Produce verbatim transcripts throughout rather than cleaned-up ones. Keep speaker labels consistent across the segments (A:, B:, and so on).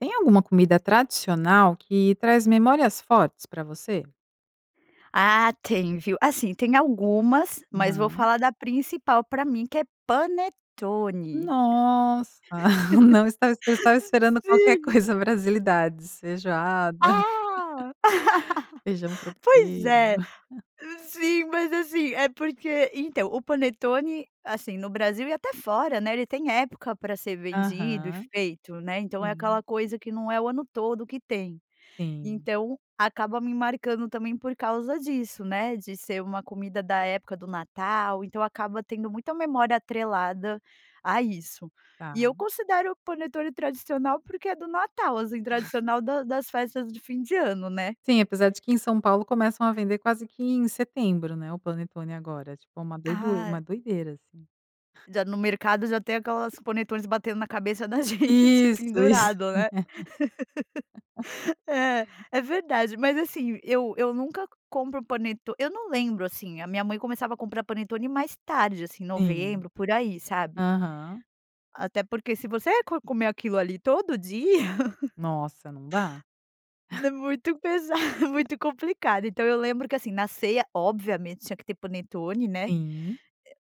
A: Tem alguma comida tradicional que traz memórias fortes pra você?
B: Ah tem viu. Assim tem algumas, mas vou
A: Aham.
B: falar da principal pra mim que é panetone.
A: Nossa! Não estava eu estava esperando qualquer
B: Sim.
A: coisa brasilidades. Feijoada,
B: Ah
A: feijão
B: pois
A: tropeiro.
B: é. Sim, mas assim, é porque então o panetone, assim no Brasil e até fora, né, ele tem época pra ser vendido e
A: Aham.
B: feito, né. Então é aquela
A: Sim
B: coisa que não é o ano todo que tem.
A: Sim.
B: Então acaba me marcando também por causa disso, né. De ser uma comida da época do Natal. Então acaba tendo muita memória atrelada a isso. E eu
A: Tá.
B: considero o panetone tradicional, porque é do Natal, assim, tradicional da das festas de fim de ano, né.
A: Sim, apesar de que em São Paulo começam a vender quase que em setembro né, o panetone agora. É tipo uma doidura
B: Ah!
A: uma doideira assim.
B: Já no mercado já tem aquelas panetones batendo na cabeça da gente
A: Isso, isso.
B: pendurado, né. É, é verdade. Mas assim, eu eu nunca compro o paneto eu não lembro assim. A minha mãe começava a comprar panetone mais tarde, assim,
A: Sim.
B: novembro, por aí sabe.
A: Aham.
B: Até porque se você co comer aquilo ali todo dia.
A: Nossa, não dá.
B: Né, muito pesado muito complicado. Então eu lembro que, assim, na ceia, obviamente, tinha que ter panetone, né. É
A: Sim.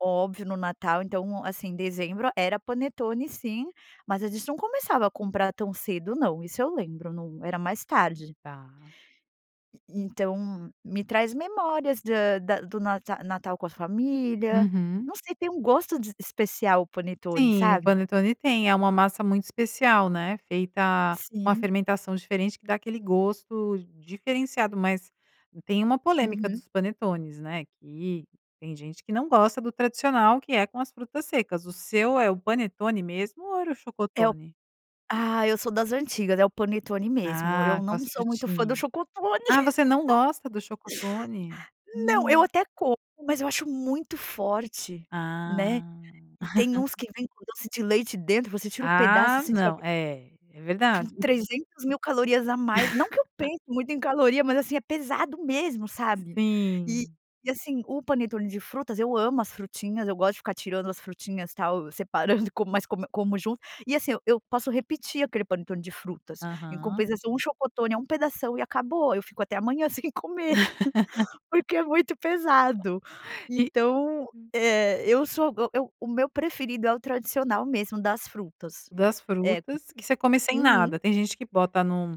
B: óbvio no Natal. Então, assim, dezembro era panetone sim, mas a gente não começava a comprar tão cedo não, isso eu lembro no era mais tarde.
A: Tá.
B: E e então me traz memórias da da do Nata Natal com a família.
A: Uhum.
B: Não sei tem um gosto de especial o panetone,
A: Sim. O
B: sabe.
A: panetone tem é uma massa muito especial né, feita com a
B: Sim.
A: fermentação diferente que dá aquele gosto diferenciado. Mas tem uma polêmica
B: Uhum.
A: dos panetones né, que tem gente que não gosta do tradicional que é com as frutas secas. O seu é o panetone mesmo ou era o
B: É o
A: chocotone?
B: ah eu sou das antigas. É o panetone mesmo. Eu
A: Ah, com
B: não
A: as
B: sou muito fã do
A: frutinhas.
B: chocotone.
A: Ah, você não gosta do chocotone?
B: Não eu
A: Nossa!
B: até como, mas eu acho muito forte, né.
A: Ah.
B: E tem uns que vem com doce de leite dentro, você tira o pedaço
A: Ah,
B: assim e já
A: não.
B: vem
A: É é
B: com
A: verdade.
B: trezentos mil calorias a mais. Não que eu pense muito em caloria. Mas assim é pesado mesmo, sabe. E
A: Sim.
B: e assim o panetone de frutas eu amo as frutinhas, eu gosto de ficar tirando as frutinhas tal, separando, como mas como como junto. E assim eu eu posso repetir aquele panetone de frutas. Em
A: Aham.
B: compensação, o chocotone é um pedação e acabou. Eu fico até amanhã sem comer, porque é muito pesado.
A: E
B: Então,
A: hum.
B: eh, eu so go eu o meu preferido é o tradicional mesmo das frutas.
A: Das
B: É.
A: frutas que você come sem
B: Uhum.
A: nada. Tem gente que bota num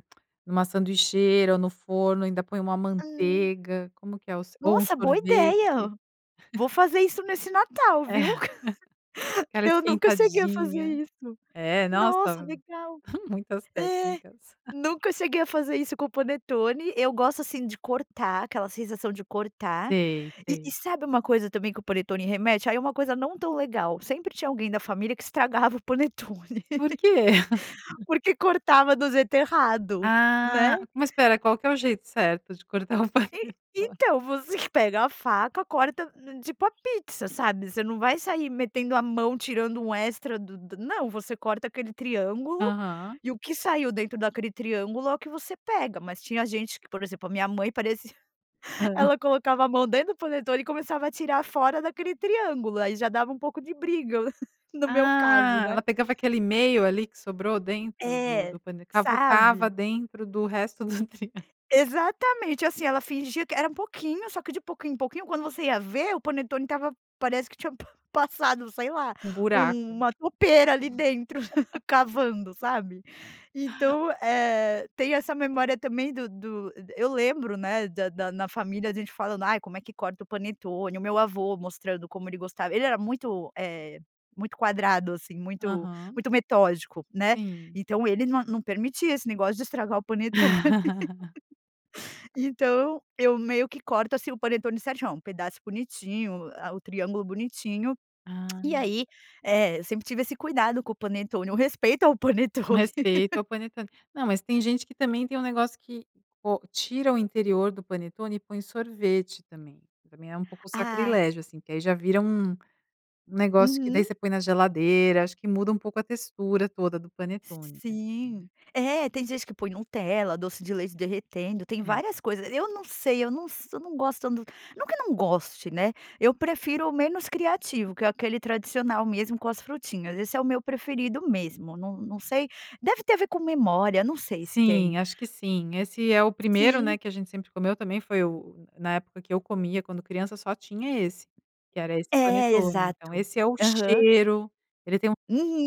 A: numa sanduicheira ou no forno, ainda põe uma uma
B: Hum.
A: manteiga. Como que é o se ou um
B: Nossa! Boa ideia.
A: sorvete.
B: Vou fazer isso nesse Natal,
A: É,
B: viu.
A: aquela
B: Eu nunca cheguei a fazer
A: esquentadinha.
B: isso.
A: É,
B: Nossa,
A: nossa!
B: legal.
A: Muitas
B: É,
A: técnicas.
B: nunca cheguei a fazer isso com o panetone. Eu gosto assim de cortar, aquela sensação de cortar.
A: Sei,
B: E e
A: sei.
B: sabe uma coisa também que o panetone remete? Aí é uma coisa não tão legal, sempre tinha alguém da família que estragava o panetone.
A: Por quê?
B: Porque cortava do jeito errado, né.
A: Ah! Mas espera. Qual que é o jeito certo de cortar o
B: E
A: panetone?
B: então você que pega a faca, corta tipo a pizza, sabe, você não vai sair metendo a mão, tirando um extra do do não. Você corta aquele triângulo
A: Aham.
B: e o que saiu dentro daquele triângulo é o que você pega. Mas tinha gente que, por exemplo, a minha mãe parecia
A: Hã.
B: ela colocava a mão dentro do panetone e começava a tirar fora daquele triângulo. Aí já dava um pouco de briga no meu caso,
A: Ah!
B: né.
A: Ela pegava aquele meio ali que sobrou dentro do
B: É,
A: do pane cavucava
B: sabe?
A: dentro do resto do [unintelligible]
B: Exatamente assim. Ela fingia que era um pouquinho, só que de pouquinho em pouquinho, quando você ia ver o panetone estava parece que tinha passado, sei lá,
A: Um buraco.
B: uma toupeira ali dentro, cavando, sabe. Então eh tem essa memória também do do eu lembro, né da da na família a gente falando: "Ai, como é que corta o panetone?" E o meu avô mostrando como ele gostava ele era muito, eh, muito quadrado assim, muito
A: Aham.
B: muito metódico, né.
A: Sim.
B: Então ele não não permitia esse negócio de estragar o panetone. Então eu meio que corto assim o panetone certinho. Pedaço bonitinho, a o triângulo bonitinho. E
A: Ah!
B: aí é eu sempre tive esse cuidado com o panetone. O respeito ao
A: Com
B: panetone.
A: respeito ao panetone. Não mas, tem gente que também tem um negócio que ou tira o interior do panetone e põe o sorvete também. Também é um pouco
B: Ah.
A: sacrilégio assim, que aí já vira um um negócio que daí
B: Uhum.
A: você põe na geladeira, acho que muda um pouco a textura toda do panetone né, hum.
B: Sim. É, tem gente que põe Nutella, doce de leite derretendo, tem
A: É.
B: várias coisas. Eu não sei eu não s eu não gosto do não que eu não goste, né. Eu prefiro o menos criativo, que é aquele tradicional mesmo com as frutinhas. Esse é o meu preferido mesmo. Não não sei deve ter a ver com memória. Não sei se
A: Sim.
B: tem.
A: Acho que sim. Esse é o primeiro né,
B: Sim.
A: que a gente sempre comeu, também foi o o na época que eu comia quando criança só tinha esse. Que era esse
B: É,
A: panetone.
B: exato.
A: Então esse é o
B: Aham.
A: cheiro, ele tem um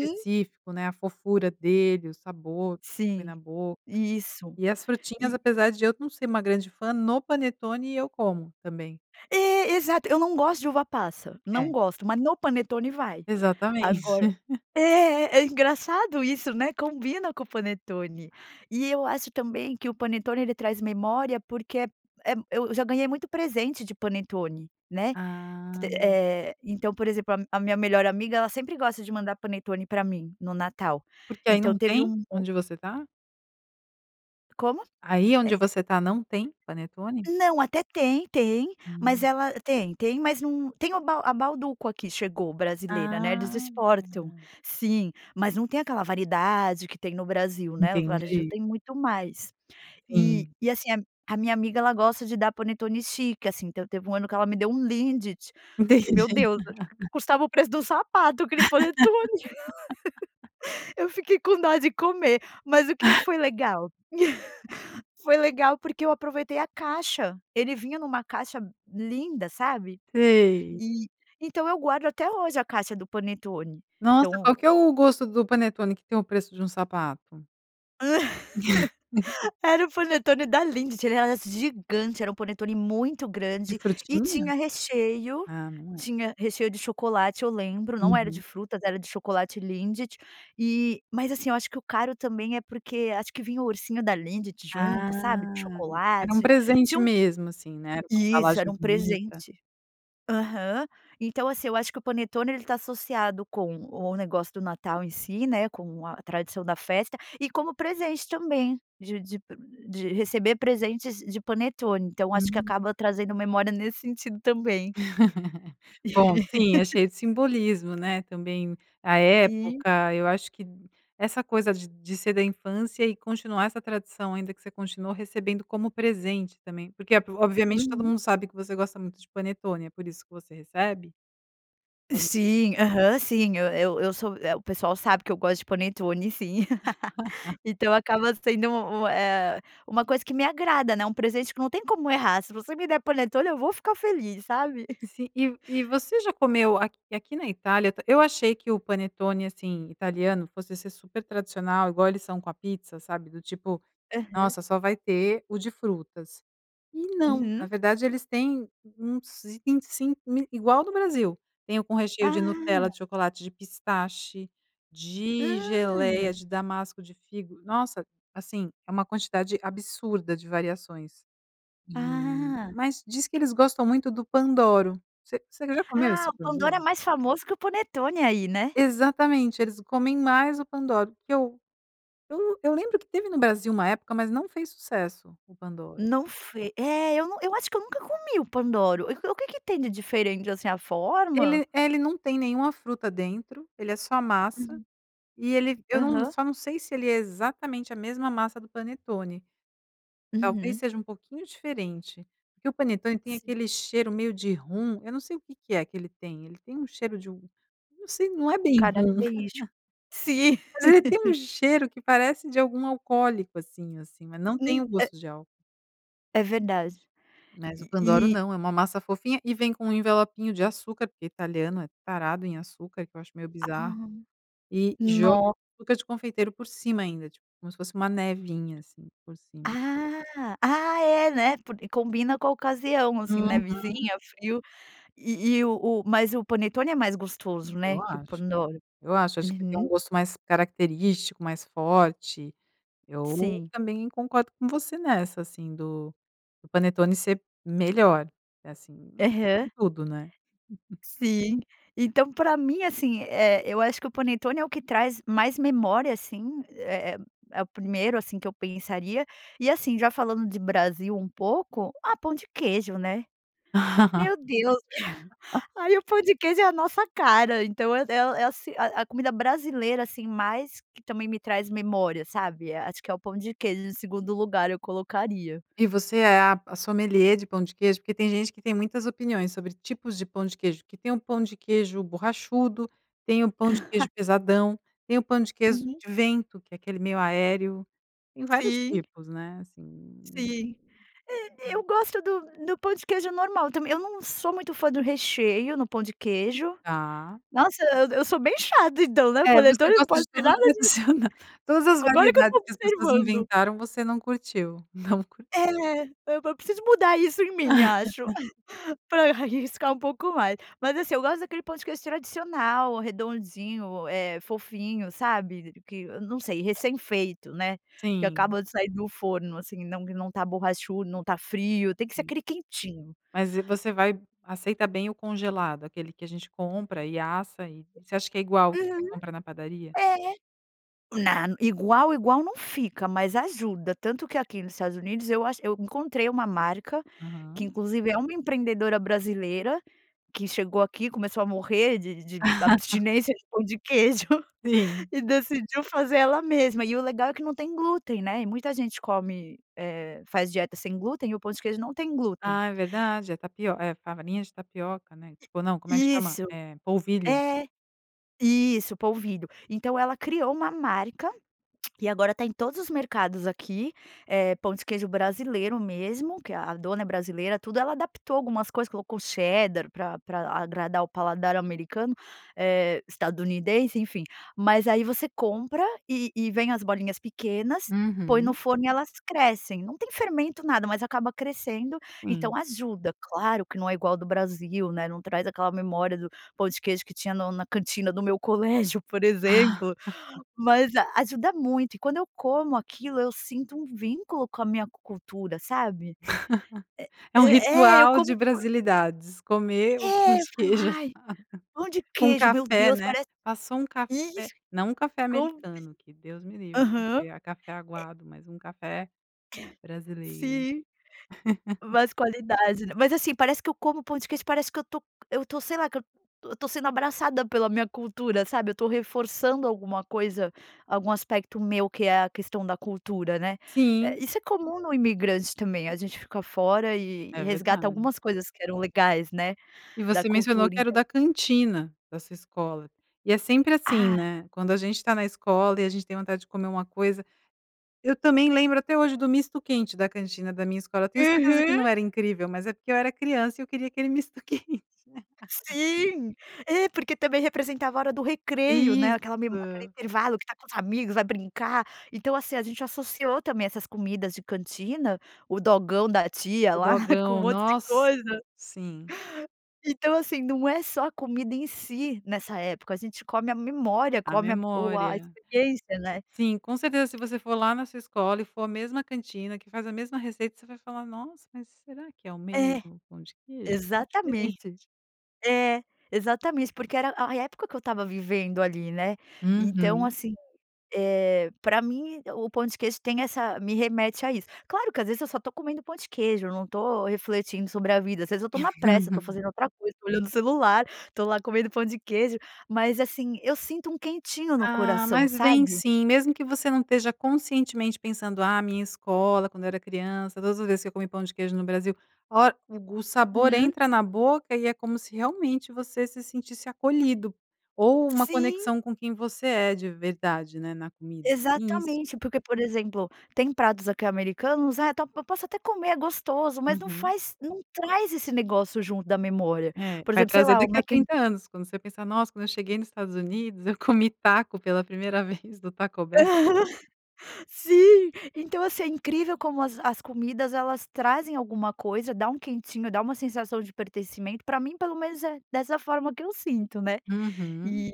A: [unintelligible] específico né, a fofura dele, o sabor que põe
B: Sim,
A: na boca.
B: isso.
A: E as frutinhas,
B: E
A: apesar de eu não ser uma grande fã, no panetone eu como também.
B: É, exato. Eu não gosto de uva passa,
A: É.
B: não gosto. Mas no panetone vai.
A: Exatamente.
B: Agora é é engraçado isso, né. Combina com o panetone. E eu acho também que o panetone ele traz memória, porque eh eh eu já ganhei muito presente de panetone, né. T t
A: Ah!
B: Eh, então por exemplo a a minha melhor amiga, ela sempre gosta de mandar panetone pra mim, no Natal.
A: Porque aí
B: Então
A: não
B: teve
A: tem,
B: um [unintelligible]
A: onde você tá?
B: Como?
A: Aí onde
B: É.
A: você tá, não tem panetone?
B: Não, até tem, tem, mas
A: Hum.
B: ela tem tem mas num tem o a Bauducco aqui chegou, brasileira né. Eles
A: Ah,
B: exportam,
A: tá.
B: sim. Mas não tem aquela variedade que tem no Brasil, né. O varejo
A: Entendi.
B: tem muito mais. E
A: Sim.
B: e assim a a minha amiga ela gosta de dar panetone chique, assim. Então teve um ano que ela me deu um Lindt, que meu
A: Entendi.
B: Deus! Acho que custava o preço de um sapato, aquele panetone. Eu fiquei com dó de comer. Mas o que que foi legal? Foi legal porque eu aproveitei a caixa. Ele vinha numa caixa linda, sabe.
A: Sei.
B: E então eu guardo até hoje a caixa do panetone.
A: Nossa!
B: Então
A: Qual que é o gosto do panetone que tem o preço de um sapato?
B: Era um panetone da Lindt, ele era assim gigante, era um panetone muito
A: De
B: grande e
A: frutinha?
B: tinha recheio
A: Ah, não é.
B: tinha recheio de chocolate, eu lembro, não era de
A: Uhum.
B: frutas, era de chocolate Lindt, e mas assim, eu acho que o caro também é porque acho que vinha o ursinho da Lindt junto, sabe, de
A: Ah, era um
B: chocolate,
A: presente
B: tinha um
A: mesmo assim, né. Era uma
B: Isso, era
A: embalagem
B: um
A: bonita.
B: presente. Aham. Então assim eu acho que o panetone ele está associado com o negócio do Natal em si né, com a tradição da festa, e como presente também, de de de receber presentes de panetone. Então acho que
A: Hum.
B: acaba trazendo memória nesse sentido também.
A: Bom sim, é cheio de simbolismo né, também à
B: Sim.
A: época, eu acho que d essa coisa de de ser da infância e continuar essa tradição, ainda que você continuou recebendo como presente também, porque é obviamente todo
B: Uhum.
A: mundo sabe que você gosta muito de panetone, é por isso que você recebe? [unintelligible]
B: Sim, aham, sim. Eu eu eu sou é o pessoal sabe que eu gosto de panetone, sim então acaba sendo um um eh uma coisa que me agrada né, um presente que não tem como errar, se você me der panetone eu vou ficar feliz, sabe.
A: Se e e você já comeu aqui aqui na Itália, eu t eu achei que o panetone assim italiano fosse ser super tradicional igual eles são com a pizza sabe, do tipo:
B: Aham.
A: "Nossa só vai ter o de frutas." E não. Na
B: Uhum.
A: verdade eles têm uns vinte e cinco mil igual ao do Brasil, tem o com recheio de Nutella, de
B: Ah!
A: chocolate, de pistache, de geléia,
B: Hum!
A: de damasco, de figo. Nossa! Assim, é uma quantidade absurda de variações. E
B: Ah!
A: mas diz que eles gostam muito do Pandoro, você você já comeu
B: Ah!
A: esse
B: O Pandoro é
A: Pandoro?
B: mais famoso que o panetone aí, né?
A: Exatamente, eles comem mais o Pandoro o que eu eu eu lembro que teve no Brasil uma época mas não fez sucesso, o Pandoro.
B: Não fe é eu não eu acho que eu nunca comi o Pandoro. O que que tem de diferente assim, a forma?
A: Ele é ele não tem nenhuma fruta dentro, ele é só a massa
B: Hum.
A: e ele eu não
B: Aham.
A: só não sei se ele é exatamente a mesma massa do panetone, talvez
B: Uhum.
A: seja um pouquinho diferente. Porque o panetone tem
B: Sim.
A: aquele cheiro meio de rum, eu não sei o que que é que ele tem, ele tem um cheiro de um não sei não é bem rum.
B: Característico. Sim.
A: Mas ele tem um cheiro que parece de algum alcoólico assim assim, mas não tem
B: Hum,
A: o
B: é
A: gosto de álcool.
B: É verdade.
A: Mas o Pandoro
B: E e
A: não. É uma massa fofinha e vem com um envelopinho de açúcar, porque italiano é tarado em açúcar, o que eu acho meio bizarro.
B: Ah,
A: E joga
B: no
A: o açúcar de confeiteiro por cima ainda, tipo, como se fosse uma nevinha assim por cima.
B: Ah ah é né porque combina com a ocasião, assim,
A: Uhum.
B: nevizinha, frio. E e o o mas o panetone é mais gostoso né
A: Eu
B: que o
A: acho
B: Pandoro.
A: eu acho. Acho que tem um
B: Uhum.
A: gosto mais característico, mais forte. Eu
B: Sim.
A: também concordo com você nessa assim do do panetone ser melhor. É assim, em
B: Aham.
A: tudo, né?
B: Sim. Então, pra mim assim, eh, eu acho que o panetone é o que traz mais memória assim. É é é o primeiro assim que eu pensaria. E, assim já falando de Brasil um pouco, ah pão de queijo né? Meu Deus! Aí, o pão de queijo é a nossa cara. Então, é o é o é assim a a a comida brasileira, assim, mais que também me traz memória, sabe? Acho que é o pão de queijo, em segundo lugar eu colocaria.
A: E você é a a sommelier de pão de queijo? Porque tem gente que tem muitas opiniões sobre tipos de pão de queijo. Que tem um pão de queijo borrachudo, tem um pão de queijo pesadão, tem o pão de queijo
B: Uhum.
A: de vento que é aquele meio aéreo, tem vários
B: Sim.
A: tipos né, assim.
B: Sim. Eh, eu gosto do do pão de queijo normal também. Eu não sou muito fã do recheio no pão de queijo.
A: Tá.
B: Nossa eu eu sou bem chata então, né? O
A: É. Você
B: panetone não
A: gosta de
B: pode ter
A: tudo
B: nada de
A: tradicional. Todas as
B: Agora que eu
A: variedades
B: estou
A: que as pessoas
B: observando.
A: inventaram, você não curtiu, não curt
B: É, eu vou preciso mudar isso em mim acho pra eu arriscar pouco mais. Mas assim eu gosto daquele ponto que eu acho tradicional, redondinho, eh fofinho, sabe que não sei, recém feito, né? Que
A: Sim.
B: acaba de sair do forno assim, não que não está borrachudo, não está frio. Tem que ser
A: Hum.
B: aquele quentinho.
A: Mas e você vai aceita bem o congelado? Aquele que a gente compra e assa e você acha que é igual o que você
B: Uhum.
A: compra na padaria?
B: É. Na igual igual não fica, mas ajuda. Tanto que aqui nos Estados Unidos eu acho eu encontrei uma marca, que
A: Aham.
B: inclusive é uma empreendedora brasileira que chegou aqui, começou a morrer de de abstinência de pão queijo
A: Sim.
B: e decidiu fazer ela mesma. E o legal é que não tem glúten né, e muita gente come, eh, faz dieta sem glúten e o pão de queijo não tem glúten.
A: Ah, é verdade é tapio é a farinha de tapioca, né? Tipo, não, como é que
B: I
A: chama?
B: isso.
A: Eh, polvilho.
B: É. Isso o polvilho. Então, ela criou uma marca e agora está em todos os mercados aqui, eh, pão de queijo brasileiro mesmo, que a dona é brasileira, tudo Ela adaptou algumas coisas. Colocou cheddar pra pra agradar o paladar americano, eh, estadunidense enfim. Mas aí você compra e e vem as bolinhas pequenas, põe no
A: Uhum.
B: forno e elas crescem. Não tem fermento, nada, mas acaba crescendo.
A: Sim.
B: Então ajuda. Claro que não é igual do Brasil, né? Não traz aquela memória do pão de queijo que tinha no na cantina do meu colégio, por exemplo. Mas a ajuda muito e quando eu como aquilo eu sinto um vínculo com a minha cultura, sabe?
A: É
B: É
A: um
B: é é eu
A: ritual
B: como
A: de
B: [unintelligible]
A: brasilidades. Comer o pão
B: É eu
A: de
B: falo:
A: queijo só
B: "Ai, pão de
A: com
B: queijo, meu
A: café,
B: Deus!
A: né?
B: Parece
A: Passou um café
B: Isso.
A: não um café
B: Conf
A: americano, que Deus me livre!
B: Aham.
A: A café
B: É
A: aguado, mas um café brasileiro
B: Sim. Mais qualidade, né? Mas, assim, parece que eu como pão de queijo, parece que eu estou eu estou, sei lá, que eu estou eu estou sendo abraçada pela minha cultura, sabe? Eu estou reforçando alguma coisa, algum aspecto meu que é a questão da cultura, né. É
A: Sim.
B: isso é comum no imigrante também. A gente fica fora e e
A: É
B: resgata
A: verdade.
B: algumas coisas que eram legais, né,
A: E
B: da
A: você mencionou
B: cultura,
A: que era o
B: então
A: da cantina da sua escola. E é sempre assim
B: Ah.
A: né, quando a gente está na escola e a gente tem vontade de comer uma coisa Eu também lembro até hoje do misto quente da cantina da minha escola. Eu tenho certeza que
B: Uhum.
A: não era incrível, mas é porque eu era criança e eu queria aquele misto quente
B: Sim. É. Porque também representava a hora do recreio, né? Aquela memó aquele
A: Isso!
B: intervalo que está com os amigos, vai brincar. Então, assim, a gente associou também essas comidas de cantina, o dogão da tia
A: O
B: lá com um
A: dogão
B: monte de
A: nossa!
B: coisa
A: Sim.
B: Então, assim, não é só a comida em si nessa época. A gente come a memória,
A: A
B: come a o a
A: memória.
B: experiência né?
A: Sim, com certeza se você for lá na sua escola e for a mesma cantina que faz a mesma receita, você vai falar: "Nossa, mas será que é o
B: É.
A: mesmo pão de queijo?" "Está diferente".
B: Exatamente. É. Exatamente. Porque era a a época que eu estava vivendo ali, né: Então
A: Uhum.
B: assim, eh, pra mim o pão de queijo tem essa me remete a isso. Claro que às vezes eu só estou comendo pão de queijo. Eu não estou refletindo sobre a vida. Às vezes, eu estou na pressa. Eu estou fazendo outra coisa. Estou olhando o celular. Estou lá comendo pão de queijo, mas assim, eu sinto um quentinho no
A: Ah,
B: coração,
A: mas vem
B: sabe?
A: sim, mesmo que você não esteja conscientemente pensando. "Ah, a minha escola, quando eu era criança todas as vezes que eu comi pão de queijo no Brasil Olha o gos o sabor
B: Hum.
A: entra na boca e é como se realmente você se sentisse acolhido. Ou uma
B: Sim.
A: conexão com quem você é de verdade, né, na comida. Isso.
B: Exatamente. Porque, por exemplo, tem pratos aqui americanos, ah tá tó eu posso até comer. É gostoso, mas não
A: Uhum.
B: faz não traz esse negócio junto da memória.
A: É.
B: Por
A: Vai
B: exemplo, sei
A: trazer
B: lá, o
A: daqui a
B: Mac in
A: 30 anos, quando você pensar: "Nossa, quando eu cheguei nos Estados Unidos, eu comi taco pela primeira vez do Taco Bell".
B: Aham. Sim. Então, assim, é incrível como as as comidas elas trazem alguma coisa. Dá um quentinho. Dá uma sensação de pertencimento. Pra mim, pelo menos, é dessa forma que eu sinto né.
A: Uhum.
B: E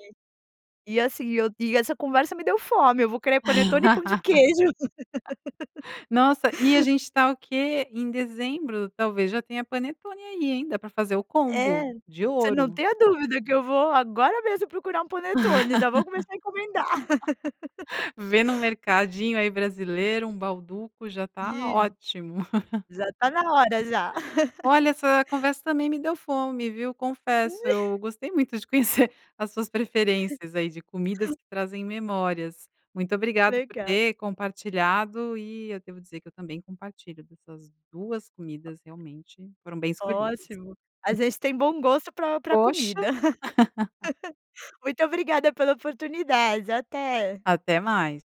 B: e assim, eu e essa conversa me deu fome. Eu vou querer panetone e pão de queijo
A: Nossa. E a gente está o quê? Em Dezembro? Talvez já tenha panetone aí, hein? Dá para fazer o combo
B: É.
A: de
B: Você não
A: ouro!
B: tenha dúvida que eu vou agora mesmo procurar um panetone. Já vou começar a encomendar
A: Vê num mercadinho aí brasileiro, um Bauducco. Já está
B: Sim.
A: ótimo!
B: Já está na hora, já.
A: Olha. Essa conversa também me deu fome, viu confesso. Eu gostei muito de conhecer as suas preferências aí de comidas que trazem memórias. Muito obrigado por
B: Legal.
A: ter compartilhado e eu devo dizer que eu também compartilho dessas duas comidas realmente foram bem escolhidas.
B: Ótimo! A gente tem bom gosto pra pra
A: Poxa
B: comida. Muito obrigada pela oportunidade. Até.
A: Até mais.